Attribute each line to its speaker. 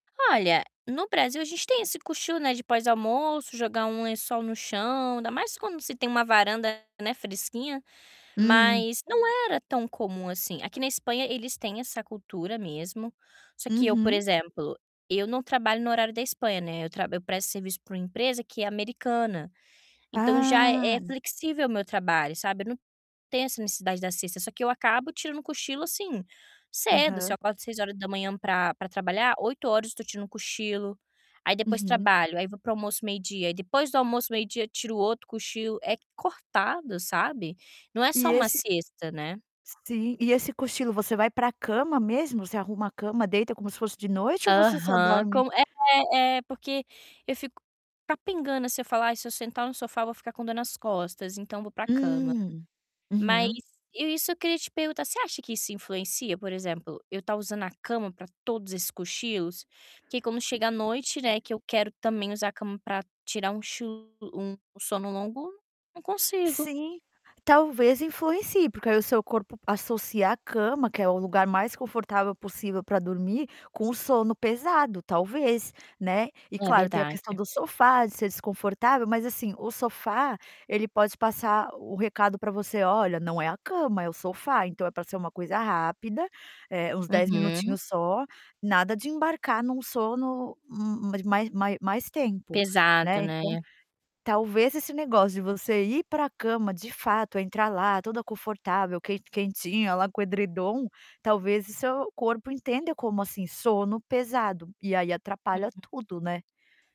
Speaker 1: Olha, no Brasil, a gente tem esse cochilo, né, de pós-almoço, jogar um lençol no chão, ainda mais quando se tem uma varanda, né, fresquinha,
Speaker 2: Hum.
Speaker 1: mas não era tão comum assim. Aqui na Espanha eles têm essa cultura mesmo, só que eu, por
Speaker 2: Uhum.
Speaker 1: exemplo, eu não trabalho no horário da Espanha, né, eu tra eu presto serviço pra uma empresa que é americana, então, já é
Speaker 2: Ah!
Speaker 1: flexível o meu trabalho, sabe, eu não tenho essa necessidade da siesta, só que eu acabo tirando um cochilo, assim, cedo. Se eu
Speaker 2: Aham.
Speaker 1: acordo 6h pra pra trabalhar, 08h eu tô tirando um cochilo, aí depois
Speaker 2: Uhum.
Speaker 1: trabalho, aí vou pro almoço meio-dia, aí depois do almoço meio-dia tiro outro cochilo. É cortado, sabe, não é só
Speaker 2: E
Speaker 1: uma
Speaker 2: esse
Speaker 1: siesta, né.
Speaker 2: Sim, e esse cochilo você vai pra cama mesmo, você arruma a cama, deita como se fosse de noite ou você só
Speaker 1: Aham,
Speaker 2: dorme
Speaker 1: com é é porque eu fico capengando, se eu falar: "Ai, se eu sentar no sofá eu vou ficar com dor nas costas, então vou pra cama".
Speaker 2: Hum.
Speaker 1: Mas
Speaker 2: Uhum.
Speaker 1: eu isso que eu queria te perguntar, você acha que isso influencia, por exemplo, eu tá usando a cama pra todos esses cochilos? Que quando chega a noite, né, que eu quero também usar a cama pra tirar um chu um sono longo, não consigo.
Speaker 2: Sim, talvez influencie, porque aí o seu corpo associa a cama, que é o lugar mais confortável possível pra dormir, com o sono pesado, talvez, né, e
Speaker 1: É
Speaker 2: claro, tem a
Speaker 1: verdade.
Speaker 2: questão do sofá, de ser desconfortável, mas assim, o sofá ele pode passar o recado pra você: "Olha, não é a cama, é o sofá, então, é pra ser uma coisa rápida, eh, uns 10
Speaker 1: Uhum.
Speaker 2: minutinhos só, nada de embarcar num sono, hum hum, mais mai mai mais tempo",
Speaker 1: Pesado,
Speaker 2: né. Então,
Speaker 1: né?
Speaker 2: talvez, esse negócio de você ir pra cama, de fato, entrar lá, toda confortável, quen quentinha lá com edredom, talvez o seu corpo entenda como, assim: sono pesado, e aí atrapalha
Speaker 1: Uhum.
Speaker 2: tudo, né.